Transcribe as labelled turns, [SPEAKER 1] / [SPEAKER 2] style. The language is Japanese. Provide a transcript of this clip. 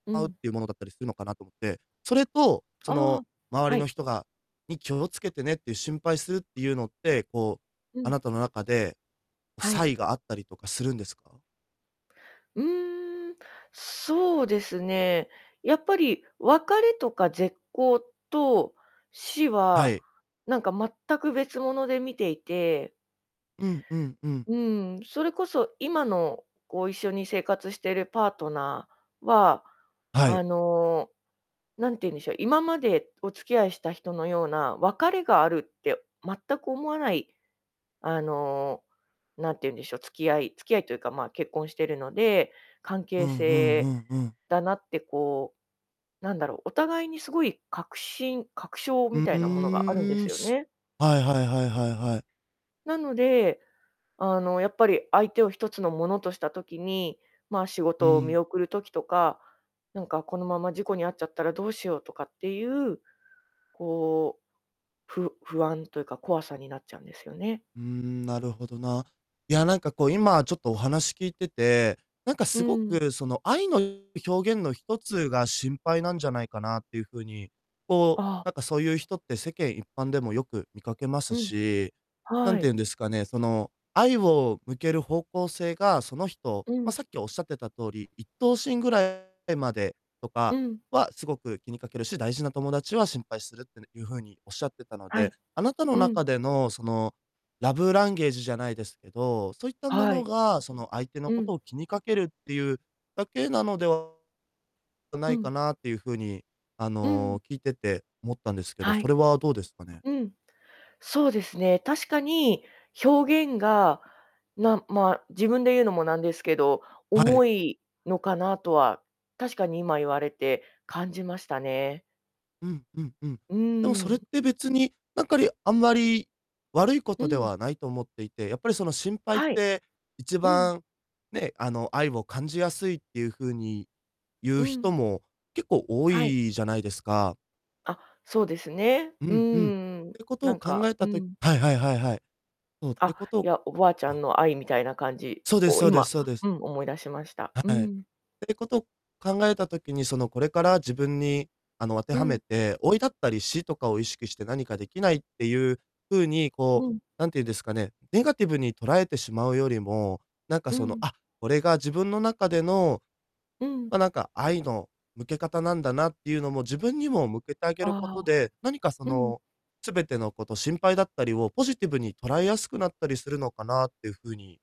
[SPEAKER 1] う
[SPEAKER 2] あうっ
[SPEAKER 1] ん。
[SPEAKER 2] ていうものだったりするのかなと思って。それと、そ
[SPEAKER 1] あ
[SPEAKER 2] の、
[SPEAKER 1] あ、
[SPEAKER 2] 周
[SPEAKER 1] は
[SPEAKER 2] りの
[SPEAKER 1] い。
[SPEAKER 2] 人がに気を付けてねっていう心配するっていうのって、こう、
[SPEAKER 1] う
[SPEAKER 2] あ
[SPEAKER 1] ん。
[SPEAKER 2] なたの中で、
[SPEAKER 1] は
[SPEAKER 2] 差
[SPEAKER 1] い。
[SPEAKER 2] 異があったりとかするんですか？
[SPEAKER 1] うーん。そうですね。やっぱり別れとか絶交と死
[SPEAKER 2] は
[SPEAKER 1] は、
[SPEAKER 2] い。
[SPEAKER 1] なんか全く別物で見ていて。
[SPEAKER 2] うん、うん、うん。
[SPEAKER 1] うん、それこそ今の、こう、一緒に生活しているパートナーは、
[SPEAKER 2] は
[SPEAKER 1] あ
[SPEAKER 2] い。
[SPEAKER 1] の、なんて言うんでしょう、今までお付き合いした人のような、別れがあるって全く思わないあの、なんて言うんでしょう、付き合い付き合いというか、ま、結婚してるので、関
[SPEAKER 2] う
[SPEAKER 1] 係
[SPEAKER 2] んうんう
[SPEAKER 1] 性
[SPEAKER 2] んうん。
[SPEAKER 1] だなってこう、なんだろう、お互いにすごい確信確証
[SPEAKER 2] う、
[SPEAKER 1] み
[SPEAKER 2] う
[SPEAKER 1] たいなものがあるんで
[SPEAKER 2] ー
[SPEAKER 1] す
[SPEAKER 2] ん。
[SPEAKER 1] よ
[SPEAKER 2] す
[SPEAKER 1] ね。
[SPEAKER 2] はいはいはいはいはい。
[SPEAKER 1] なので、あの、やっぱり相手をひとつのものとした時に、ま、仕
[SPEAKER 2] う
[SPEAKER 1] 事を見
[SPEAKER 2] ん。
[SPEAKER 1] 送る時とか、なんかこのまま事故に遭っちゃったらどうしようとかっていう、こう、ふ不安というか怖さになっちゃうんですよね。
[SPEAKER 2] うーん、なるほどな。いや、なんかこう今ちょっとお話聞いてて、なんか
[SPEAKER 1] う
[SPEAKER 2] すご
[SPEAKER 1] ん。
[SPEAKER 2] く、その愛の表現のひとつが「心配」なんじゃないかなっていう風に、こう、
[SPEAKER 1] ああ。
[SPEAKER 2] なんかそういう人って世間一般でもよく見かけます
[SPEAKER 1] うん、
[SPEAKER 2] し、な
[SPEAKER 1] は
[SPEAKER 2] んて
[SPEAKER 1] い。
[SPEAKER 2] 言うんですかね、その、愛を向ける方向性が、その人
[SPEAKER 1] う
[SPEAKER 2] まあ、
[SPEAKER 1] ん。
[SPEAKER 2] さっきおっしゃってた通り、一等親ぐらいまでと
[SPEAKER 1] う
[SPEAKER 2] か
[SPEAKER 1] ん。
[SPEAKER 2] はすごく気にかけるし、大事な友達は心配するってねいう風に仰ってたの
[SPEAKER 1] は
[SPEAKER 2] で、
[SPEAKER 1] い。
[SPEAKER 2] あなたの
[SPEAKER 1] うん。
[SPEAKER 2] 中での、その、ラブランゲージじゃないですけど、そういったも
[SPEAKER 1] は
[SPEAKER 2] の
[SPEAKER 1] い。
[SPEAKER 2] が、その相手の
[SPEAKER 1] う
[SPEAKER 2] こ
[SPEAKER 1] ん。
[SPEAKER 2] とを気にかけるっていうだけなのではな
[SPEAKER 1] う
[SPEAKER 2] いか
[SPEAKER 1] ん。
[SPEAKER 2] なっていう風に、あ
[SPEAKER 1] うん。
[SPEAKER 2] の、聞いてて思ったんですけど、
[SPEAKER 1] は
[SPEAKER 2] そ
[SPEAKER 1] い。
[SPEAKER 2] れはどうですかね？
[SPEAKER 1] うん。そうですね。確かに表現がなんまあ、自分で言うのもなんですけど、
[SPEAKER 2] はい。
[SPEAKER 1] 重いのかなとは、確かに今言われて感じましたね。
[SPEAKER 2] うん、うん、うん。
[SPEAKER 1] う
[SPEAKER 2] でも
[SPEAKER 1] ー
[SPEAKER 2] それっ
[SPEAKER 1] ん。
[SPEAKER 2] て別に、なんかりあんまり悪いこ
[SPEAKER 1] う
[SPEAKER 2] とで
[SPEAKER 1] ん。
[SPEAKER 2] はないと思っていて、やっぱりその心配っ
[SPEAKER 1] はい。
[SPEAKER 2] て一
[SPEAKER 1] うん。
[SPEAKER 2] 番ね、あの、愛を感じやすいっていう風に言
[SPEAKER 1] う
[SPEAKER 2] う人
[SPEAKER 1] ん。
[SPEAKER 2] も結構多
[SPEAKER 1] はい。
[SPEAKER 2] いじゃないですか。
[SPEAKER 1] あ、そうですね。
[SPEAKER 2] う
[SPEAKER 1] うん
[SPEAKER 2] ん、うん。っ
[SPEAKER 1] うんうん、
[SPEAKER 2] ていうこと
[SPEAKER 1] な
[SPEAKER 2] を
[SPEAKER 1] ん
[SPEAKER 2] 考
[SPEAKER 1] か
[SPEAKER 2] え
[SPEAKER 1] う
[SPEAKER 2] たと
[SPEAKER 1] ん。
[SPEAKER 2] はいはいはいはい。おう、って
[SPEAKER 1] あ、
[SPEAKER 2] こと
[SPEAKER 1] い
[SPEAKER 2] を
[SPEAKER 1] や、おばあち
[SPEAKER 2] お
[SPEAKER 1] ゃんの愛みたいな感じ
[SPEAKER 2] そうです
[SPEAKER 1] を
[SPEAKER 2] そうで
[SPEAKER 1] 今、
[SPEAKER 2] すそうです。
[SPEAKER 1] うん、思い出しました。
[SPEAKER 2] は
[SPEAKER 1] う
[SPEAKER 2] い。っ
[SPEAKER 1] ん。
[SPEAKER 2] ていうことを考えた時に、その、これから自分に、あの、当て
[SPEAKER 1] う
[SPEAKER 2] はめ
[SPEAKER 1] ん。
[SPEAKER 2] て、老いだったり死とかを意識して何か出来ないっていう風に、こ
[SPEAKER 1] う
[SPEAKER 2] う、
[SPEAKER 1] ん。
[SPEAKER 2] なんて言うんですかね、ネガティブに捉えてしまうよりも、なんか
[SPEAKER 1] う
[SPEAKER 2] その
[SPEAKER 1] ん。
[SPEAKER 2] 「あっ、これが自分の中での、
[SPEAKER 1] うん。
[SPEAKER 2] ま、なんか愛の向け方なんだな」っていうのも自分にも向けてあげる
[SPEAKER 1] あ
[SPEAKER 2] こ
[SPEAKER 1] あ、
[SPEAKER 2] とで、何かそ
[SPEAKER 1] うん。
[SPEAKER 2] の、全てのこと心配だったりをポジティブに捉えやすくなったりするのかなっていう風に